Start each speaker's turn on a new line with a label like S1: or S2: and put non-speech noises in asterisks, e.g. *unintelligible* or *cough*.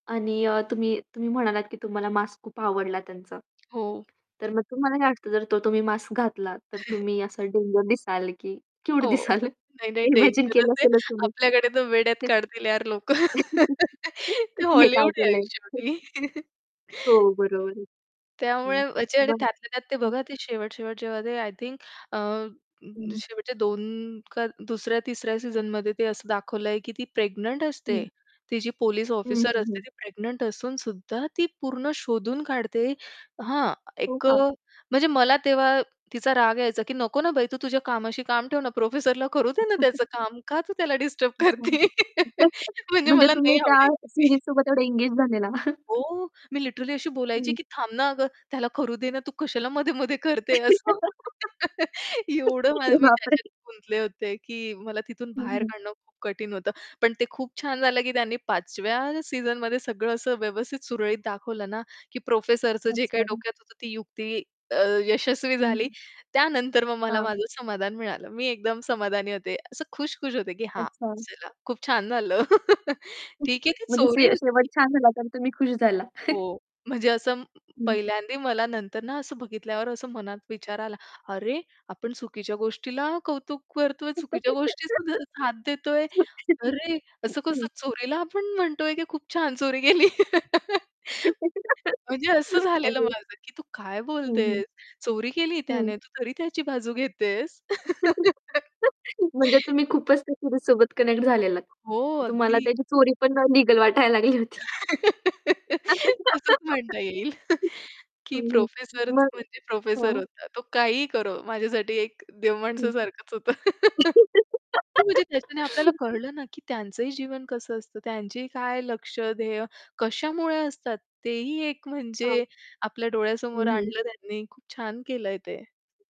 S1: आणि अ, तुम्ही तुम्ही म्हणालात की तुम्हाला मास्क खूप आवडला त्यांचा.
S2: हो.
S1: तर मग तुम्हाला काय वाटतं जर तो तुम्ही मास्क घातला, तर
S2: *chuckles*
S1: तुम्ही असं डेंजर दिसाल की क्यूट
S2: हो.
S1: दिसाल
S2: नाही, नाही
S1: इमॅजिन
S2: डेंजरस
S1: केलं
S2: आहे.
S1: असेलच तुम्ही.
S2: आपल्याकडे तर वेड्यात
S1: हं.
S2: काढतील यार लोकं.
S1: *laughs*
S2: *laughs* ते
S1: हे काय
S2: हॉलिवूड आहे अन
S1: केलंय?
S2: शेवटी.
S1: *chuckles*
S2: *chuckles*
S1: हो. बरोबर आहे. हं.
S2: त्यामुळे म्हणजे आणि
S1: बरोबर.
S2: त्यातल्या त्यात ते
S1: हो.
S2: बघा, ते शेवट-शेवट जेव्हा ते आय थिंक अ, अ,
S1: हं.
S2: शेवटच्या 2 का दुसऱ्या-तिसऱ्या सीझनमध्ये ते असं दाखवलंय की ती प्रेग्नंट
S1: हं.
S2: असते. ती जी पोलिस
S1: हं,
S2: ऑफिसर
S1: हं,
S2: असते
S1: हं.
S2: ती प्रेग्नंट असूनसुद्धा ती पूर्ण शोधून काढते हां,
S1: हो
S2: एक अ,
S1: का?
S2: म्हणजे मला तेव्हा तिचा राग यायचा की "नको ना बाई तू तुझ्या कामाशी काम ठेव ना, प्रोफेसरला करू दे ना त्याचं
S1: *chuckles*
S2: काम. का तू त्याला डिस्टर्ब
S1: अच्छा
S2: करतेय?"
S1: *chuckles*
S2: *laughs* म्हणजे
S1: म्हणजे
S2: मला
S1: तुम्ही
S2: नाही
S1: त्या
S2: आवडायची ती.
S1: सीरीजसोबत एवढे एंगेज झालेला? *chuckles*
S2: हो. मी लिटरली अशी बोलायची
S1: हं.
S2: की "थांब ना अगं त्याला करू दे ना, तू कशाला मध्ये-मध्ये करते असं." *laughs* एवढं
S1: *laughs* अरे
S2: मा मी
S1: बापरे!
S2: त्याच्यात गुंतले होते की मला तिथून
S1: हं,
S2: बाहेर
S1: हं.
S2: काढणं खूप कठीण होतं. पण ते खूप छान झालं की त्यांनी पाचव्या सीझनमध्ये सगळं असं व्यवस्थित सुरळीत दाखवलं ना, की प्रोफेसरचं जे
S1: अच्छा.
S2: काही
S1: हां.
S2: डोक्यात होतं, ती युक्ती अ, यशस्वी
S1: हं,
S2: झाली.
S1: हं.
S2: त्यानंतर मग मला
S1: हां.
S2: माझं समाधान मिळालं. मी एकदम समाधानी होते. असं खुश-खुश होते की "हां,
S1: अच्छा.
S2: चला खूप छान झालं." *laughs* ठीक आहे,
S1: *chuckles*
S2: ती
S1: म्हणजे
S2: चोरी
S1: शे शेवट
S2: होती.
S1: छान झाला असेन तुम्ही खुश झाला. *chuckles*
S2: हो, म्हणजे असं
S1: हं.
S2: पहिल्यांदी मला नंतर ना, असं बघितल्यावर असं मनात विचार आला, "अरे आपण चुकीच्या गोष्टीला कौतुक करतोय,
S1: *laughs*
S2: चुकीच्या गोष्टी सुद्धा साथ देतोय.
S1: *unintelligible*
S2: अरे असं-कसं
S1: ओके.
S2: चोरीला आपण म्हणतोय की खूप छान चोरी केली." *laughs*
S1: *laughs*
S2: म्हणजे असं झालेलं
S1: अरे!
S2: माझं की "तू काय
S1: हं, हं.
S2: बोलतेस, चोरी केलीये
S1: हं.
S2: त्याने तू तरी त्याची बाजू घेतेस."
S1: *laughs*
S2: *laughs*
S1: म्हणजे तुम्ही खूपच त्या सिरीजसोबत कनेक्ट झालेलात.
S2: हो,
S1: की तुम्हाला
S2: अगदी.
S1: त्याची चोरी पण अ, लीगल वाटायला लागली होती.
S2: तसंच
S1: *laughs*
S2: म्हणता येईल की
S1: हं, हं.
S2: प्रोफेसरच
S1: मग
S2: म्हणजे प्रोफेसर
S1: हां.
S2: होता. तो काहीही करो. माझ्यासाठी एक देव
S1: हं.
S2: माणसासारखंच होतं. *laughs* हो, म्हणजे त्याच्याने आपल्याला
S1: *laughs*
S2: कळलं ना, की त्यांचंही जीवन कसं असतं. त्यांचीही काय लक्ष्य, ध्येय कशामुळे असतात. तेही एक
S1: हां.
S2: म्हणजे आपल्या
S1: हं,
S2: डोळ्यासमोर
S1: हं.
S2: आणलं त्यांनी खूप छान केलंय ते.